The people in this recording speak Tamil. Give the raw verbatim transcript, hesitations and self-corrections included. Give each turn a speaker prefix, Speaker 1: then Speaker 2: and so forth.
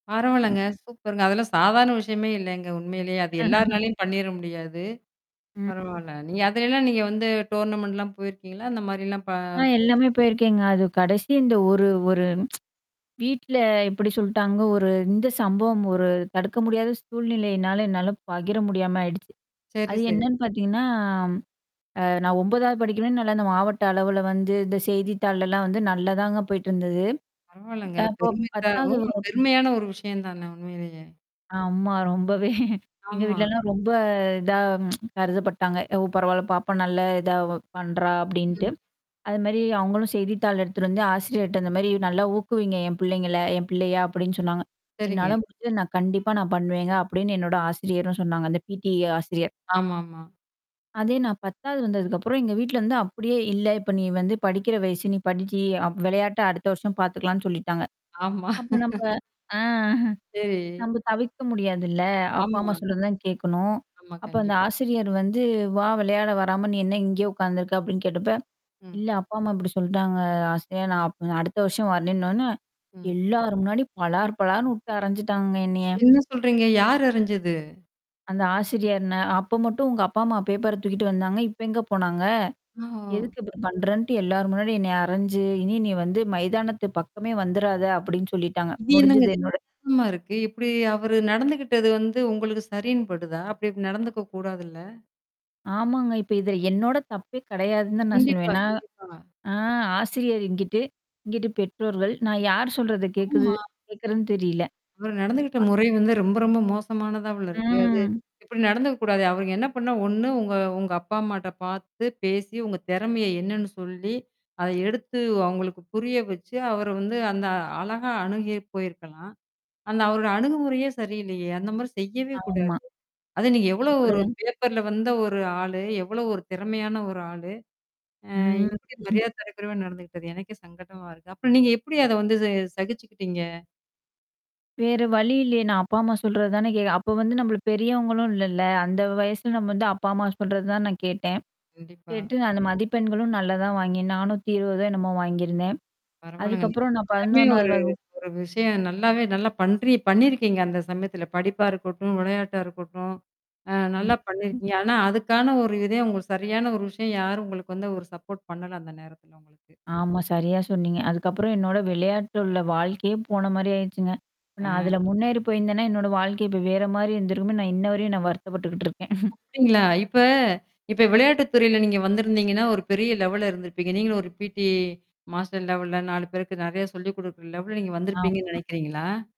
Speaker 1: ன்
Speaker 2: பரவலங்க. சூப்பருங்க. அதெல்லாம் சாதாரண விஷயமே இல்லங்க உண்மேயிலே! அது எல்லார்னாலயும் பண்ணிற முடியாது.
Speaker 1: ம்
Speaker 2: பரவால்ல. நீங்க அதலாம் நீங்க வந்து டோர்னமென்ண்ட் -லாம் போயிருக்கீங்களா? அந்த மாதிரிலாம் ப
Speaker 1: ஆ எல்லாமே போயிருக்கேங்க. அது கடைசி இந்த ஒரு ஒரு வீட்ல எப்டி சொல்ட்டாங்க.ஒரு இந்த சம்பவம் ஒரு தடுக்க முடியாத சூழ்நிலையினால என்னால பகிர முடியாம ஆயிடுச்சு.
Speaker 2: செரி,
Speaker 1: அது
Speaker 2: சரி.
Speaker 1: என்னன்னு பாத்தீங்கன்னா, அ நான் ஒம்பதாவது படிக்கனே, நல்ல அ இந்த மாவட்ட அளவுல வந்து இந்த செய்தித்தாள் எல்லாம் வந்து நல்ல தாங்க போயிட்டுருந்தது
Speaker 2: பரவால்லங்க.
Speaker 1: அப்போ
Speaker 2: பெருமை தான் ஓ
Speaker 1: பத்தாவது
Speaker 2: பெருமையான ஒரு விஷயம் தான உண்மையிலேயே?
Speaker 1: ஆமா. ரொம்பவே.. எங்க
Speaker 2: ஆமா.
Speaker 1: வீட்லலாம் ரொம்ப இதா கருதப்பட்டாங்க. ஓ பரவால்ல பாப்பா நல்ல இதா பண்றா அப்டின்டு.
Speaker 2: ம்.
Speaker 1: அது மாரி அவங்களும் செய்தித்தாள் எடுத்துட்டு வந்து ஆசிரியர்ட்ட இந்த மாரி நல்லா ஊக்குவிங்க என் பிள்ளைங்கள என் பிள்ளைய அப்டின்னு சொன்னாங்க.
Speaker 2: சரிங்க.
Speaker 1: என்னால முடஞ்சது நான் கண்டிப்பா நான் பண்ணுவேங்க அப்டின்னு என்னோட ஆசிரியரும் சொன்னாங்க. அந்த பிடி ஆசிரியர்.
Speaker 2: ஆமாமா.
Speaker 1: அதே நான் பத்தாவது வந்ததுக்கப்பறம் எங்க வீட்ல வந்து அப்படியே இல்ல இப்ப நீ வந்து படிக்கிற வயசு நீ படிச்சு, விளையாட்ட அடுத்த வருஷம் பாத்துகலாம்னு சொல்லிட்டாங்க.
Speaker 2: ஆமா.
Speaker 1: அப்ப நம்ப ஆ.
Speaker 2: சேரி.
Speaker 1: நம தவிர்க்க முடியாதுல்ல. அப்பா, அம்மா
Speaker 2: ஆமா.
Speaker 1: சொல்றது தான் கேட்கணும்.
Speaker 2: ஆமா,
Speaker 1: அப்ப அந்த
Speaker 2: கண்டிப்
Speaker 1: ஆசிரியர் வந்து வா விளையாட வராம நீ என்ன இங்கேயோ உட்கார்ந்துருக்க? அப்டின்னு கேட்டப்ப,
Speaker 2: ம்.
Speaker 1: இல்ல அப்பா அம்மா அப்டி சொல்ட்டாங்க ஆசையா நான் அப் அடுத்த வருஷம் வரன்ணாணு
Speaker 2: ம்.
Speaker 1: எல்லார் முன்னாடியும் பலார் பளார்னு விட்டு அரஞ்சுட்டாங்கங்க என்னைய.
Speaker 2: என்ன சொல்றீங்க? யார் அரைஞ்சது?
Speaker 1: அந்த ஆசிரியர்ன. அப்ப மட்டும் உங்க அப்பா, அம்மா பேப்பர தூக்கிட்டு வந்தாங்க. இப்ப எங்க போனாங்க?
Speaker 2: அ ஒ
Speaker 1: எதுக்கு இப்பறம் பண்றன்ட்டு எல்லார் முன்னாடி என்ன அரைஞ்சு, இனி நீ வந்து மைதானத்து பக்கமே வந்துறாத அப்படின்னு சொல்லிட்டாங்க.
Speaker 2: இதெனங்க
Speaker 1: முடிஞ்சுது
Speaker 2: இது
Speaker 1: என்னோட
Speaker 2: கேவலமா இருக்கு. இப்படி அவரு நடந்துகிட்டது வந்து உங்களுக்கு சரின்னுபடுதா? அப்படி இ நடந்துக்கக்க கூடாதுல்ல?
Speaker 1: ஆமாங்க. இப்ப இதுல என்னோட தப்பே கிடையாதுன்னு தான் நான்
Speaker 2: கண்டிப்பா,
Speaker 1: சொல்லுவேன். நான்.
Speaker 2: கண்டிப்பா.
Speaker 1: ஆ ஆசிரியர் இங்கிட்டு, இங்கிட்டு பெற்றோர்கள், நான் யார் சொல்றத கேக்குறது
Speaker 2: ஆமா.
Speaker 1: கேட்கறதுன்னு தெரியல.
Speaker 2: இவரு நடந்துகிட்ட
Speaker 1: [unintelligible]
Speaker 2: முறை வந்து ரொம்ப ரொம்ப மோசமானதாவுல இருக்கு. அது
Speaker 1: ம்.
Speaker 2: இப்படி நடந்துக்கக்கூடாது. அவருங்க என்ன பண்ணா ஒண்ணு உங்க உங்க அப்பா அம்மாட்ட பார்த்து பேசி உங்க திறமைய என்னன்னு சொல்லி அத எடுத்து அவங்களுக்கு புரிய வச்சு, அவர வந்து அந்த அழகா அணுகி போயிருக்கலாம். அந்த அவரோட அணுகுமுறையே சரியில்லையே! அந்த மாரி செய்யவே கூடாது.
Speaker 1: ஆமா.
Speaker 2: அது நீங்க எவ்ளோ ஒரு
Speaker 1: அப்படித்தான்
Speaker 2: பேப்பர்ல வந்த ஒரு ஆளு, எவ்வளோ ஒரு திறமையான ஒரு ஆளு? அ
Speaker 1: ம்.
Speaker 2: எப்படி மரியாத தரக்குறைவே நடந்துக்கிட்டது. எனக்கே சங்கடமா இருக்கு. அப்புறம் நீங்க எப்புடி அத வந்து ச சகிச்சுக்கிட்டீங்க?
Speaker 1: வேற வழி இல்லையே நான் அப்பா அம்மா சொல்றது தானே கேட் அப்ப வந்து நம்மள பெரியவங்களும் இல்லல்ல. அந்த வயசுல நம்ம வந்து
Speaker 2: ஆமாங்க
Speaker 1: அப்பா அம்மா சொல்றது தான் நான் கேட்டேன்.
Speaker 2: கண்டிப்பா.
Speaker 1: கேட்டு நான் அந்த மதிப்பெண்களும் நல்லா தான் வாங்கினேன். நாணாத்திஇருவது என்னமோ வாங்கியிருந்தேன்.
Speaker 2: பரவால்லங்க. நீங்க
Speaker 1: அதுக்கப்பறம் நான்
Speaker 2: எல்லாமே
Speaker 1: பதினொன்னாவது
Speaker 2: ஒரு
Speaker 1: வகுப்பு.
Speaker 2: ஒரு விஷயம் நல்லாவே நல்லா பன்றி பண்ணியிருக்கீங்க அந்த சமயத்தில படிப்பா இருக்கட்டும், விளையாட்டா இருக்கட்டும் அ நல்லா
Speaker 1: ம்.
Speaker 2: பண்ணிருக்கிங்க. ஆனா அதுக்கான ஒரு இதையும் உங்களுக்கு சரியான ஒரு விஷயம் யாரும் உங்களுக்கு வந்து ஒரு சப்போர்ட் பண்ணல அந்த நேரத்ல உங்களுக்கு.
Speaker 1: ஆமா சரியா சொன்னீங்க. அதுக்கப்பறம் என்னோட விளையாட்டுல உள்ள வாழ்க்கையே போன மாரி ஆயிடுச்சுங்க. இப்ப நான்
Speaker 2: அ.
Speaker 1: அதுல முன்னேறி போய்ருந்தேன்னா, என்னோட வாழ்க்கை இப்ப வேற மாரி இருந்துரும் நான் இன்ன வரையும் நான் வருத்தப்பட்டுக்கிட்டுருக்கேன்.
Speaker 2: அப்டிங்களா? இப்ப இப்ப விளையாட்டு துறையில நீங்க வந்திருந்தீங்கன்னா, ஒரு பெரிய லெவல இருந்திருப்பீங்க. நீங்கள ஒரு பிடி மாஸ்டர் லெவல்ல நாலு பேருக்கு நெறைய சொல்லிக் குடுக்கற லெவல்ல நீங்க வந்திருப்பீங்கன்னு
Speaker 1: ஆமா.
Speaker 2: நினனைக்கிறீங்களா?